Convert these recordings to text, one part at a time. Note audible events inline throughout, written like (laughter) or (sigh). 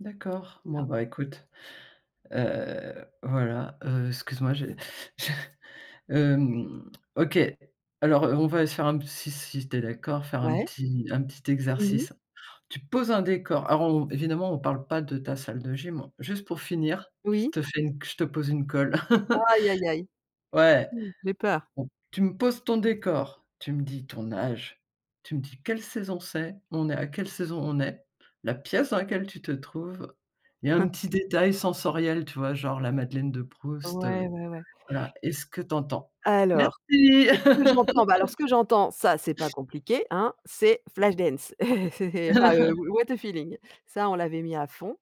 D'accord, Mmh bon, non. bah, écoute. Heu, voilà, heu, excuse moi, j'ai je, (chuckles) hem, OK. Alors, heu, on va aller se faire un p si si tu es d'accord, faire un Ouais. petit, un petit Mmh mh. exercice. Tu poses un décor, alors on on évidemment on parle pas de ta salle de gym juste pour finir, je Oui. te fais une je te pose une colle. (laughs) Aïe aïe aïe. Ouais, Mmh, j'ai peur. on tu me poses ton décor, tu me dis ton âge, tu me dis quelle saison c'est, on est à quelle saison on est, la pièce dans laquelle tu te trouves, il y a un Hein. petit détail sensoriel, tu vois? Genre la Madeleine de Proust, Ouais, heu, ouais, ouais. voilà et ce que tu entends? Alors, Merci! qu'est-ce que j'entends? Bah alors, ce (laughs) que j'entends, ça, c'est pas (sniffs) compliqué hein, c'est Flash Dance, (laughs) c'est, enfin, heu, (laughs) Wh What a Feeling. Ça, on l'avait mis à fond.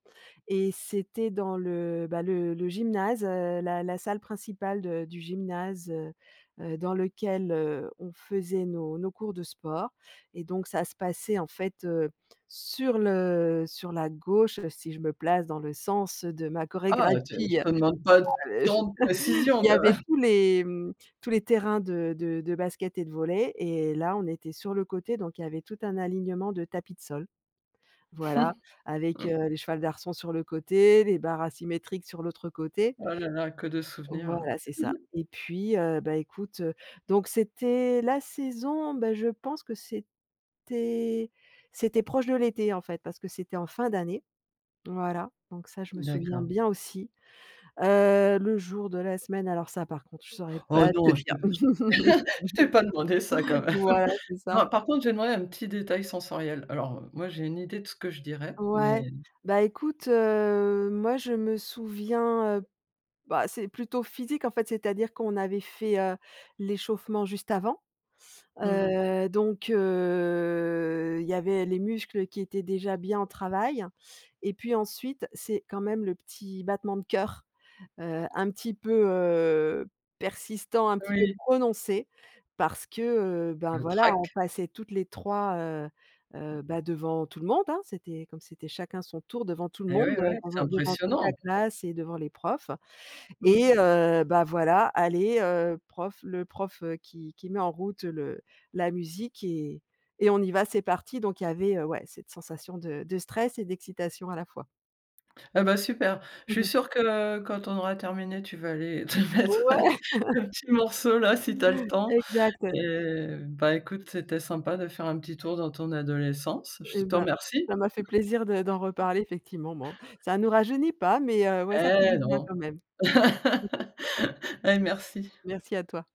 Et c'était dans le bah, le le gymnase, heu, la la salle principale de du gymnase, heu, heu, dans lequel, heu, on faisait nos nos cours de sport et donc ça se passait en fait, heu, sur le sur la gauche, si je me place dans le sens de ma Oh tu heu, je chorégraphie, heu, te demande pas ah, heu, je tant de (chuckles) il précision, y quand avait même! tous les mmh, tous les terrains de de de basket et de volley et là, on était sur le côté donc il y avait tout un alignement de tapis de sol. Voilà, avec, (chuckles) heu, les cheval d'arçons sur le côté, les barres asymétriques sur l'autre côté. Oh là là, que de souvenirs, ouais. Voilà, c'est ça (chuckles) et puis, heu, bah, écoute, heu, donc c'était la saison, bah je pense que c'était c'était proche de l'été en fait, parce que c'était en fin d'année. Voilà. Donc ça, je me souviens D'accord. bien, aussi. Heu, le jour de la semaine, alors ça par contre, je saurais Oh pas te non, je te dire. je (laughs) je (laughs) t'ai pas demandé ça, quand même. Voilà, (chuckles) c'est ça. Non par contre, j'ai demandé un petit détail sensoriel. Alors, heu, moi, j'ai une idée de ce que je dirais, Ouais. mais Bah, écoute, heu, moi, je me souviens, heu, bah, c'est plutôt physique en fait, c'est-à-dire qu'on avait fait, heu, l'échauffement juste avant. Mmh mh. Heu, donc heu, il y avait les muscles qui étaient déjà bien au travail et puis ensuite, c'est quand même le petit battement de cœur. Heu, un petit peu, heu, persistant, un petit peu Oui. prononcé parce que, heu, ben Le voilà, on trac. passait toutes les 3 heu, heu, Mmh. bah, devant tout le monde, hein. C'était comme c'était chacun son tour devant tout le Eh, monde, ouais, heu, ouais, c'est devant devant toute la impressionnant. classe et devant les profs. Mmh. Et heu, bah voilà, allez, heu, prof le prof, heu, qui qui met en route le la musique et et on y va, c'est parti! Donc il y avait, heu, ouais, cette sensation de de stress et d'excitation à la fois. Ah beh, super. Je Mmh suis mh. sûre que, heu, quand on aura terminé, tu vas aller te mettre Ouais. (laughs) (laughs) un petit morceau, là, si tu as le temps. Exact. Eh bah, écoute, c'était sympa de faire un petit tour dans ton adolescence. Je Eh te ben, remercie. ça m'a fait plaisir de d'en reparler effectivement, bon, ça nous rajeunit pas, mais, heu, ouais, ça fait du Eh bien non! quand même. (chuckles) (laughs) Eh merci. Merci à toi.